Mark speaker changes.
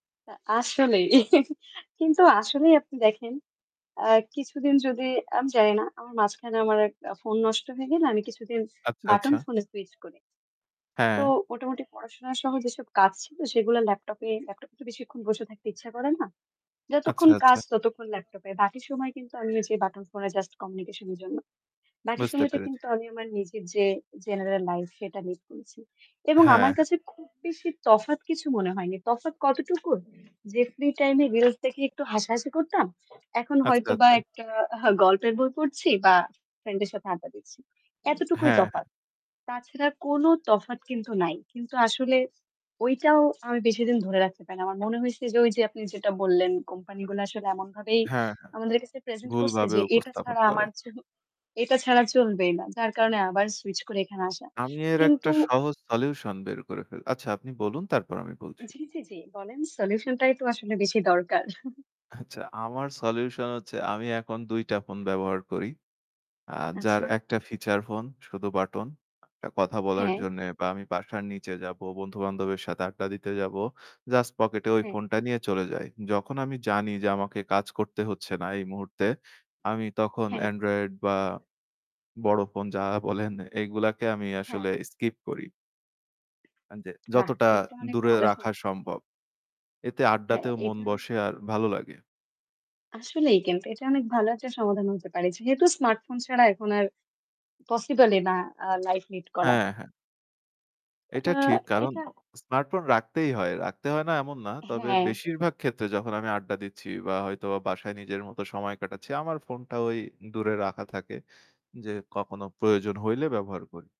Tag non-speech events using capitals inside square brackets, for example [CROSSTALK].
Speaker 1: আসলেই [GIGGLES] কিন্তু আসলেই আপনি দেখেন আ কিছুদিন যদি আমি জানি না আমার মাঝখানে আমার এক ফোন নষ্ট হয়ে গেলে আমি কিছুদিন
Speaker 2: আচ্ছা,
Speaker 1: বাটন
Speaker 2: আচ্ছা।
Speaker 1: ফোনে সুইচ করি। তো
Speaker 2: হ্যাঁ।
Speaker 1: মোটামুটি পড়াশোনা সহ যেসব কাজ ছিল সেগুলো ল্যাপটপে, ল্যাপটপ এ তো বেশিক্ষণ বসে থাকতে ইচ্ছা করে না।
Speaker 2: আচ্ছা,
Speaker 1: যতক্ষণ কাজ
Speaker 2: আচ্ছা।
Speaker 1: ততক্ষণ ল্যাপটপে। বাকি সময় কিন্তু আমি ঐ যে বাটন ফোনে জাস্ট কমিউনিকেশন এর জন্য। বাকি
Speaker 2: বুঝতে
Speaker 1: সময়টা
Speaker 2: পেরেছি।
Speaker 1: কিন্তু আমি আমার নিজের যে জেনারেল লাইফ সেটা মিট করেছি। এবং
Speaker 2: হ্যাঁ,
Speaker 1: আমার
Speaker 2: হ্যাঁ।
Speaker 1: কাছে খুব বেশি তফাৎ কিছু মনে হয়নি। তফাৎ কতটুকু যে ফ্রি টাইম এ রিলস দেখে একটু হাসাহাসি করতাম। এখন
Speaker 2: আচ্ছা,
Speaker 1: হয়তো বা
Speaker 2: আচ্ছা।
Speaker 1: একটা গল্পের বই পড়ছি বা ফ্রেন্ড এর সাথে আড্ডা দিচ্ছি। এতটুকুই
Speaker 2: হ্যাঁ, হ্যাঁ।
Speaker 1: তফাৎ। তাছাড়া কোন তফাৎ কিন্তু নাই। কিন্তু আসলে ঐটাও আমি বেশিদিন ধরে রাখতে পারি না। আমার মনে হইছে যে ওই যে আপনি যেটা বললেন কোম্পানি গুলো আসলে এমনভাবেই
Speaker 2: হ্যাঁ, হ্যাঁ,
Speaker 1: আমাদের কাছে প্রেজেন্ট করছে
Speaker 2: ভুলভাবে
Speaker 1: যে এটা
Speaker 2: উপস্থাপন
Speaker 1: ছাড়া
Speaker 2: করে।
Speaker 1: আমার তো এটা ছাড়া চলবেই না। যার কারণে আবার সুইচ করে এখানে আসা।
Speaker 2: আমি এর একটা
Speaker 1: কিন্তু
Speaker 2: সহজ সলিউশন বের করে ফেলি। আচ্ছা আপনি বলুন তারপর আমি বলছি।
Speaker 1: জি, জি, জি। বলেন সলিউশন টাই তো আসলে বেশি দরকার। [CHUCKLES]
Speaker 2: আচ্ছা আমার সলিউশন হচ্ছে আমি এখন ২ টা ফোন ব্যবহার করি। আ যার
Speaker 1: আচ্ছা।
Speaker 2: ১ টা ফিচার ফোন শুধু বাটন এ কথা বলার
Speaker 1: হ্যাঁ।
Speaker 2: জন্যে বা আমি বাসার নিচে যাবো, বন্ধু-বান্ধবের সাথে আড্ডা দিতে যাবো। জাস্ট পকেটে ওই
Speaker 1: হ্যাঁ।
Speaker 2: ফোনটা নিয়ে চলে যাই। যখন আমি জানি যে আমাকে কাজ করতে হচ্ছে না এই মুহূর্তে আমি তখন
Speaker 1: হ্যাঁ।
Speaker 2: এন্ড্রয়েড বা বড় ফোন যা বলেন এগুলাকে আমি
Speaker 1: হ্যাঁ।
Speaker 2: আসলে স্কিপ করি। হ্যাঁ যে
Speaker 1: বাহ!
Speaker 2: যতটা
Speaker 1: এইটা অনেক
Speaker 2: দূরে
Speaker 1: ভালো সম
Speaker 2: রাখা সম্ভব। এতে
Speaker 1: হ্যাঁ
Speaker 2: আড্ডাতেও মন
Speaker 1: এইটা
Speaker 2: বসে আর ভালো লাগে।
Speaker 1: আসলেই কিন্তু এটা অনেক ভালো একটা সমাধান হতে পারে যেহেতু স্মার্টফোন ছাড়া এখন আর পসিবল ই না আ লাইফ লিড করা।
Speaker 2: হ্যাঁ, হ্যাঁ।
Speaker 1: আ
Speaker 2: এটা ঠিক কারণ
Speaker 1: এটা
Speaker 2: স্মার্টফোন রাখতেই হয়। রাখতে হয় না এমন না। তবে
Speaker 1: হ্যাঁ।
Speaker 2: বেশিরভাগ ক্ষেত্রে যখন আমি আড্ডা দিচ্ছি বা হয়তো বাসায় নিজের মতো সময় কাটাচ্ছি আমার ফোনটা ঐ দূরে রাখা থাকে যে কখনো প্রয়োজন হইলে ব্যবহার করি।